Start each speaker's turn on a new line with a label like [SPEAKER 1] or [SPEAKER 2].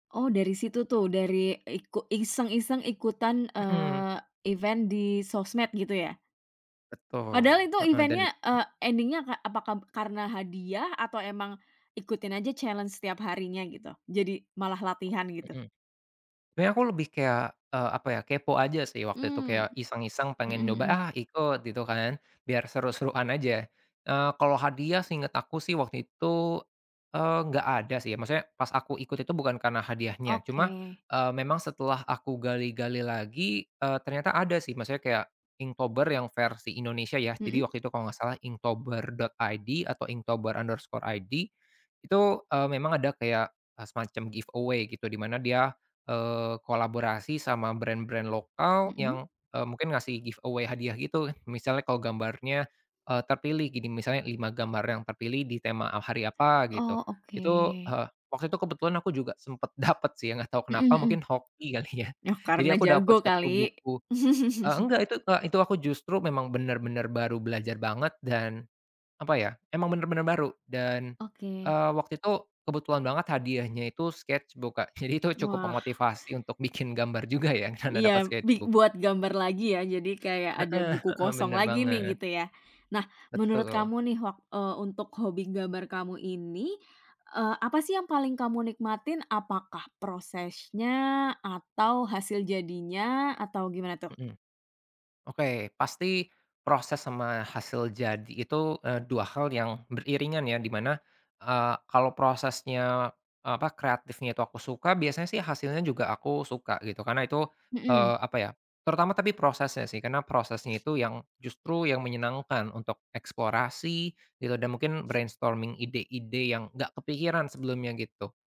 [SPEAKER 1] Oh dari situ tuh, dari iku iseng-iseng ikutan,
[SPEAKER 2] Mhm.
[SPEAKER 1] eee, event di sosmed gitu ya?
[SPEAKER 2] Betul,
[SPEAKER 1] Padahal itu
[SPEAKER 2] heeh, dan
[SPEAKER 1] event-nya, eee, endingnya apakab karena hadiah atau emang ikutin aja challenge setiap harinya gitu, jadi malah latihan gitu?
[SPEAKER 2] Mhm. Sebenernya aku lebih kayak, eee, apa ya, kepo aja sih waktu itu,
[SPEAKER 1] Mmm,
[SPEAKER 2] kayak iseng-iseng pengen
[SPEAKER 1] mhm
[SPEAKER 2] nyoba
[SPEAKER 1] mhm.
[SPEAKER 2] ah ikut, gitu kan, biar seru-seruan aja, eee, kalau hadiah seinget aku sih waktu itu, eee, enggak ada sih, maksudnya pas aku ikut itu bukan karena hadiahnya. Cuma,
[SPEAKER 1] Oke.
[SPEAKER 2] eee, memang setelah aku gali-gali lagi, eee, ternyata ada sih, maksudnya kayak inktober yang versi Indonesia ya,
[SPEAKER 1] Mhm.
[SPEAKER 2] jadi waktu itu kalau enggak salah inktober.id atau inktobar_id itu, eee, memang ada kayak semacam giveaway gitu, dimana dia, eee, kolaborasi sama brand-brand lokal
[SPEAKER 1] Mhm.
[SPEAKER 2] yang, eee, mungkin ngasih giveaway hadiah gitu, misalnya kalau gambarnya, eee, terpilih, gini misalnya 5 gambar yang terpilih di tema hari apa gitu,
[SPEAKER 1] Oh,
[SPEAKER 2] itu
[SPEAKER 1] oke.
[SPEAKER 2] heeh, waktu itu kebetulan aku juga sempet dapet sih, ya nggak tahu
[SPEAKER 1] Mhm
[SPEAKER 2] kenapa
[SPEAKER 1] mhm,
[SPEAKER 2] mungkin hoki kali ya,
[SPEAKER 1] ah, karena
[SPEAKER 2] jadi aku dapat
[SPEAKER 1] jago
[SPEAKER 2] satu
[SPEAKER 1] kali.
[SPEAKER 2] buku eee, enggak itu Kak, eee, aku justru memang benar-benar baru belajar banget dan, apa ya emang benar-benar baru. Dan,
[SPEAKER 1] Oke.
[SPEAKER 2] eee, waktu itu kebetulan banget hadiahnya itu sketchbook, jadi itu cukup
[SPEAKER 1] Wah.
[SPEAKER 2] memotivasi untuk bikin gambar juga ya karena dapat
[SPEAKER 1] iya, bi
[SPEAKER 2] sketchbook.
[SPEAKER 1] buat gambar lagi, ya jadi kayak ada
[SPEAKER 2] Heeh
[SPEAKER 1] buku
[SPEAKER 2] heeh,
[SPEAKER 1] kosong
[SPEAKER 2] benar
[SPEAKER 1] lagi nih,
[SPEAKER 2] banget.
[SPEAKER 1] gitu ya. Nah menurut
[SPEAKER 2] Betul.
[SPEAKER 1] kamu nih wak eee, untuk hobi gambar kamu ini, eee, apa sih yang paling kamu nikmatin? Apakah prosesnya atau hasil jadinya? Atau gimana tuh?
[SPEAKER 2] Mhm. Oke, pasti proses sama hasil jadi itu, eee, dua hal yang beriringan ya, dimana, eee, kalau prosesnya, apa kreatifnya itu aku suka, biasanya sih hasilnya juga aku suka gitu, karena itu,
[SPEAKER 1] Mhm.
[SPEAKER 2] eee, apa ya terutama tapi prosesnya sih, karena prosesnya itu yang justru yang menyenangkan untuk eksplorasi dan mungkin brainstorming ide-ide yang enggak kepikiran sebelumnya gitu